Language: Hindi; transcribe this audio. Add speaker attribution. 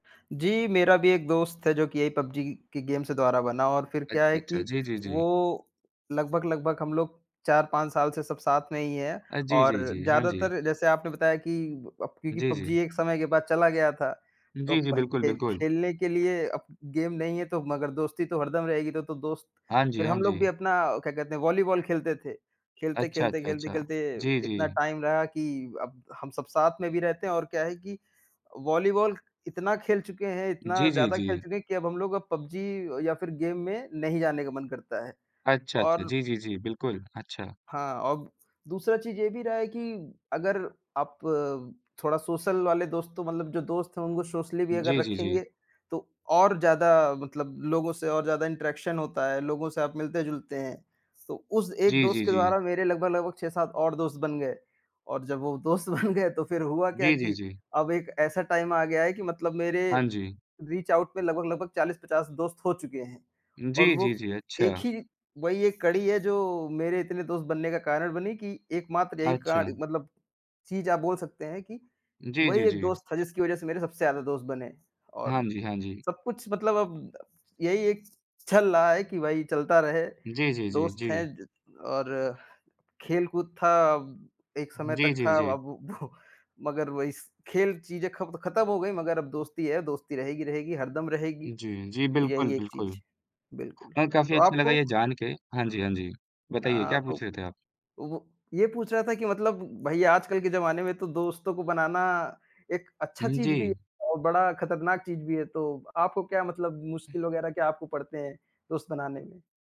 Speaker 1: जी, मेरा भी एक दोस्त है जो कि यही पबजी के गेम से द्वारा बना और फिर क्या
Speaker 2: अच्छा,
Speaker 1: है कि
Speaker 2: अच्छा। जी, जी,
Speaker 1: वो
Speaker 2: जी।
Speaker 1: लगभग-लगभग हम लोग 4-5 साल से सब साथ में ही हैं।
Speaker 2: अ, जी,
Speaker 1: और
Speaker 2: जी, जी। हाँ जी।
Speaker 1: ज़्यादातर जैसे आपने बताया कि अप क्योंकि
Speaker 2: जी,
Speaker 1: पबजी
Speaker 2: जी।
Speaker 1: एक समय के बाद चला गया था, तो
Speaker 2: जी, जी।
Speaker 1: भई
Speaker 2: बिल्कुल,
Speaker 1: खेल
Speaker 2: बिल्कुल।
Speaker 1: खेलने के लिए अब गेम नहीं है तो मगर दोस्ती तो हरदम रहेगी, तो तो दोस्त
Speaker 2: हाँ जी,
Speaker 1: फिर
Speaker 2: हाँ
Speaker 1: हम लोग भी
Speaker 2: जी।
Speaker 1: अपना क्या कहते हैं वॉलीबॉल खेलते थे,
Speaker 2: अच्छा,
Speaker 1: खेलते-खेलते,
Speaker 2: अच्छा, अच्छा।
Speaker 1: खेलते-खेलते
Speaker 2: जी,
Speaker 1: इतना
Speaker 2: जी।
Speaker 1: टाइम रहा कि अब हम सब साथ में भी रहते हैं। और क्या है कि अ, वॉलीबॉल इतना खेल चुके हैं, इतना
Speaker 2: जी, जी,
Speaker 1: ज़्यादा खेल
Speaker 2: जी।
Speaker 1: चुके हैं कि अब हम लोग अब पबजी या फिर गेम में नहीं जाने का मन करता है।
Speaker 2: अच्छा, अच्छा।
Speaker 1: और
Speaker 2: जी, जी, जी, बिल्कुल। अच्छा।
Speaker 1: हाँ, औब दूसरा चीज़ ये भी रहा है कि अगर आप थोड़ा सोशल वाले दोस्त तो मतलब जो दोस्त हैं उनको सोशली भी अगर
Speaker 2: जी, जी, जी।
Speaker 1: रखेंगे, तो और ज़्यादा मतलब लोगों से और ज़्यादा इंटरेक्शन होता है, लोगों से आप मिलते-जुलते हैं। तो उस एक
Speaker 2: जी, जी,
Speaker 1: दोस्त के
Speaker 2: जी।
Speaker 1: द्वारा मेरे लगभग-लगभग 6-7 और दोस्त बन गए, और जब वो दोस्त बन गए तो फिर हुआ क्या
Speaker 2: जी, जी,
Speaker 1: कि
Speaker 2: जी।
Speaker 1: अब एक ऐसा टाइम आ गया है कि मतलब मेरे
Speaker 2: हाँ जी।
Speaker 1: रीच आउट में लगभग-लगभग 40-50 दोस्त हो चुके हैं। और
Speaker 2: जी,
Speaker 1: वो
Speaker 2: जी, जी,
Speaker 1: एक
Speaker 2: अच्छा।
Speaker 1: ही वही एक कड़ी है जो मेरे इतने दोस्त बनने का कारण बनी कि एकमात्र यही काण
Speaker 2: अच्छा।
Speaker 1: मतलब चीज़ आप बोल सकते हैं कि
Speaker 2: जी,
Speaker 1: वही
Speaker 2: जी,
Speaker 1: एक
Speaker 2: जी।
Speaker 1: दोस्त था जिसकी वज़ह से मेरे सबसे ज़्यादा दोस्त बने।
Speaker 2: हाँ
Speaker 1: और
Speaker 2: जी, हाँ जी।
Speaker 1: सब कुछ मतलब अब यही एक चल रहा है कि वही चलता रहे,
Speaker 2: जी, जी, जी,
Speaker 1: दोस्त हैं
Speaker 2: जी।
Speaker 1: ज और खेल-कूद था अब, एक समय
Speaker 2: जी,
Speaker 1: तक
Speaker 2: जी,
Speaker 1: था
Speaker 2: जी।
Speaker 1: अब वो मगर वही स खेल चीज़ें खब खत्म हो गई मगर अब दोस्ती है, दोस्ती रहेगी रहेगी, हरदम रहेगी।
Speaker 2: जी, जी, बिल्कुल,
Speaker 1: यही एक
Speaker 2: बिल्कुल।
Speaker 1: चीज़, बिल्कुल,
Speaker 2: अ, काफ़ी
Speaker 1: तो
Speaker 2: अच्छा लगा
Speaker 1: आपको
Speaker 2: ये जानके हाँ जी, हाँ जी। बताइए
Speaker 1: अ,
Speaker 2: क्या
Speaker 1: तो अ,
Speaker 2: पूछ रहे थे आप?
Speaker 1: वो ये पूछ रहा था कि मतलब भई आजकल के जमाने में तो दोस्तों को बनाना एक अच्छा
Speaker 2: हुँ,
Speaker 1: चीज़ भी है
Speaker 2: जी।
Speaker 1: और बड़ा खतरनाक चीज़ भी है। तो आपको क्या मतलब मुश्किल वग़ैरह क्या आपको पड़ते हैं, दोस्त बनाने में?